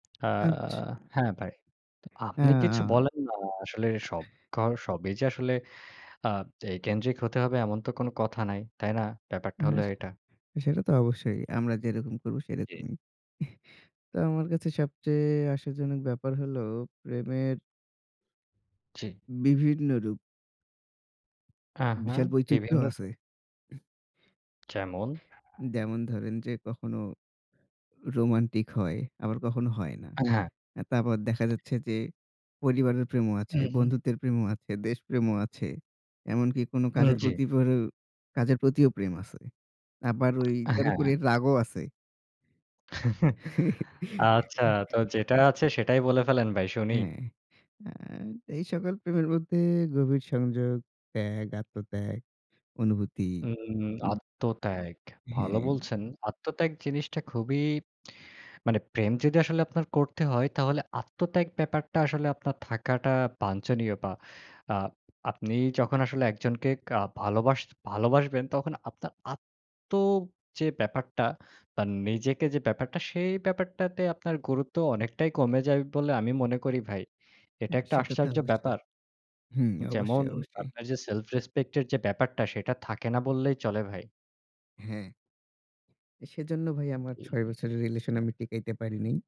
আ আচ্ছা। হ্যা, ভাই। ত হ্যা, আপনি কিছু আ বলেন না? আসলে সব ঘ সবই যে আসলে আ এই কেন্দ্রিক হতে হবে এমন তো কোন কথা নাই, তাই না? ব্যাপারটা হ্যা, হল সে এটা। সেটা তো অবশ্যই। আমরা যেরকম করবো, জ্বি। সেরকমই। তো আমার কাছে সবচেয়ে আশাজনক ব্যাপার হল প্রেমের জ্বি। বিভিন্ন রূপ। আহা, বিশাল বিভিন্ন বৈচিত্র্যও স আছে। উহ যেমন যেমন ধরেন যে কখনো রোমান্টিক হয়, আবার কখনো হয় না। আ হ্যা। আ তারপর দেখা যাচ্ছে যে পরিবারের প্রেমও হু, আছে, হুম। বন্ধুত্বের প্রেমও আছে, দেশ প্রেমও আছে। এমনকি কোন উম কাজের জ্বি। প্রতি পরে কাজের প্রতিও প্রেম আছে। আবার ওই আ এর উপরে হ্যা। রাগও আছে। আচ্ছা, তো যেটা আছে সেটাই বলে ফেলেন ভাই, শুনি। হ্যা, আ এই সকল প্রেমের মধ্যে গভীর সংযোগ, ত্যাগ, আত্মত্যাগ, অনুভূতি হুম, হুম, উ আত্মত্যাগ। ভালো হ্যা। বলছেন। আত্মত্যাগ জিনিসটা খুবই মানে প্রেম যদি আসলে আপনার করতে হয়, তাহলে আত্মত্যাগ ব্যাপারটা আসলে আপনার থাকাটা বাঞ্ছনীয়। বা আ আপনি যখন আসলে একজনকে কা ভালোবাস ভালোবাসবেন, তখন আপনার আত্ম যে ব্যাপারটা বা নিজেকে যে ব্যাপারটা, সেই ব্যাপারটাতে আপনার গুরুত্ব অনেকটাই কমে যায় বলে আমি মনে করি ভাই। এটা হ্যা, একটা সেটা তো আশ্চর্য অবশ্যই। ব্যাপার। হুম, যেমন অবশ্যই, অবশ্যই। আপনার যে self respect এর যে ব্যাপারটা, সেটা থাকে না বললেই চলে ভাই। হ্যা। সেজন্য ভাই উব আমার জ্বি। ৬ বছরের relation আমি টিকাইতে পারি নাই।